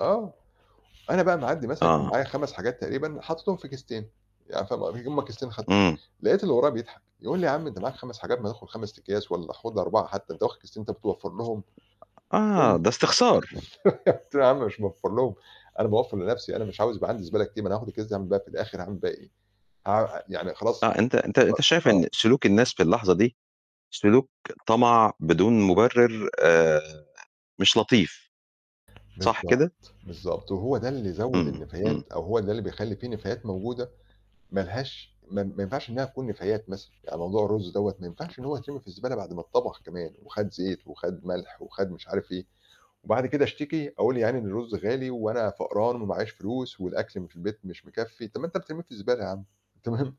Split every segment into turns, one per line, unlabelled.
آه، أنا بقى معدّي مثلًا كان
آه.
معايا 5 حاجات تقريبًا حاططهم في كيستين، يعني فاهم ق هُم كيستين خد
امم.
لقيت اللي ورايا بيضحك، يقول لي: "يا عم أنت معاك 5 حاجات ما تاخُد 5 أكياس، والّا خُذ 4 حتّى، أنت واخد كيستين، أنت بتوفّر لهم؟"
أ أ
[unintelligible]
آه ده استخسار.
قُلت له: "يا عم مش باوفّر لهم، أنا باوفّر لنَفْسي، أنا مش عاوز يبقى عندي زبالة كتير، ما أنا هاخد الأكياس أعمل بيها في الآخر هاعمل بيها إيه؟" ه يعني خلاص
آه أنت أنت أنت شايف
خلا آه.
إن سلوك الناس في اللحظة دي سلوك طَمَع بدون مُبرِّر، آآ مش لطيف، صح
بالضبط.
كده؟
بالضبط، وهو ده اللي زوّد
امم، امم.
النفايات، أو هو ده اللي بيخلّي في نفايات موجودة مالهاش ما ما ينفعش إنها تكون نفايات مثلًا. يعني موضوع الرز دوّة، ما ينفعش إن هو يترمي في الزبالة بعد ما اتطبخ كمان، وخَد زيت وخَد مَلح، وخَد مش عارف إيه. وبعد كده اشتكي، أقول يا عيني إن الرز غالي، وأنا فقران وماعيش فلوس، والأكل م في البيت مش مكفّي، طّب ما أنت بترميه في الزبالة يا عم! تمام؟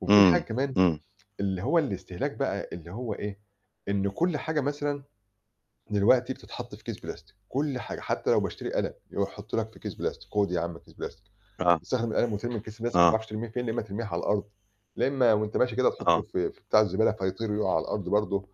وفيه حاجة
امم،
كمان،
امم.
اللي هو الاستهلاك بقى اللي هو إيه، إن كُلّ حاجة مثلًا دلوقتي بتتحط في كيس بلاستيك، كل حاجة، حتى لو باشتري قلم، يحطه لك في كيس بلاستيك، خُد يا عم كيس بلاستيك.
آه.
تستخدم القلم وترمي الكيس البلاستيك، ما
آه.
تعرفش ترميه فين، يا إما ترميه على الأرض، لا إما وأنت ماشي كده تحطه
آه.
في في بتاع الزبالة فيطير يقع على الأرض برضه،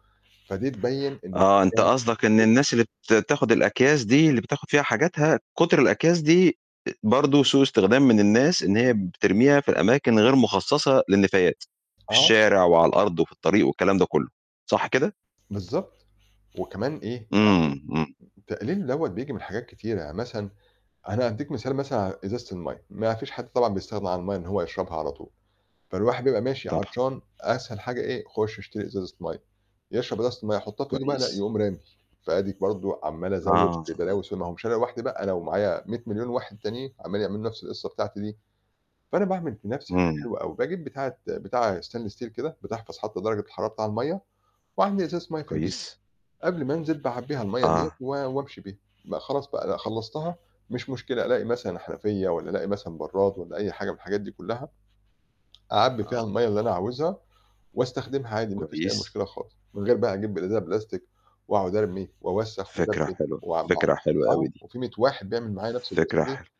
فدي تبين إن
آه، أنت قصدك إن
[unintelligible]
الناس اللي بت تاخد الأكياس دي، اللي بتاخد فيها حاجاتها، كُتْر الأكياس دي برضه أ سوء استخدام من الناس إن هي بترميها في الأماكن غير مخصصة للنفايات، في
آه.
الشارع، وعلى الأرض، وفي الطريق، والكلام ده كُلّه، صح كده؟
بالضبط، وكمان إيه،
امم، امم.
يعني تقليله دوّة بييجي من حاجات كتيرة، يعني مثلًا أنا هاديك مثال مثلًا على إزازة المَيّة، ما فيش حد طبعًا بيستغنى عن المَيّة إن هو يشربها على طول. فالواحد بيبقى ماشي
طبعًا.
عطشان أسهل حاجة إيه؟ خُشّ اشتري إزازة مَيّة، يشرب إزازة المَيّة يحطها في إيده بقى؟ لأ،
كويّس.
يقوم رامي، فأديك برضه عمال أزوّد
آه.
في بلاوي سودة، ما هو مش أنا لوحدي بقى، أنا ومعايا 100 مليون واحد تانيين، عمالين يعملوا نفس القصة بتاعتي دي. فأنا باعمل في نَفْسي حاجة
امم.
حلوة أوي، باجيب بتاعة بتاعة stainless steel كده بتحفظ حتى درجة الحرارة بتاع المَيّة، واعبّي إزازة مَيّة في البيت،
كويّس.
قبل ما أنزل باعبّيها المَيّة ديّة
آه.
و وأمشي بيها، بق خلاص بقى، لأ خلّصتها؟ مش مشكلة، ألاقي مثلًا حنفيّة، والّا ألاقي مثلًا برّاد، والّا أي حاجة من الحاجات دي كلّها، أعبي فيها
آه.
المَيّة اللي أنا عاوزها، واستخدمها عادي ما فيش أي
كويس.
مشكلة خالص. من غير بقى هاجيب إزازة بلاستيك واقعد أرمي، وأوسّخ،
فكرة
وأزبِّل،
حلوة،
وم
فكرة حلوة
آه،
أوي دي.
وفي 100 واحد بيعمل معايا نفس القصة
فكرة
دي.
حل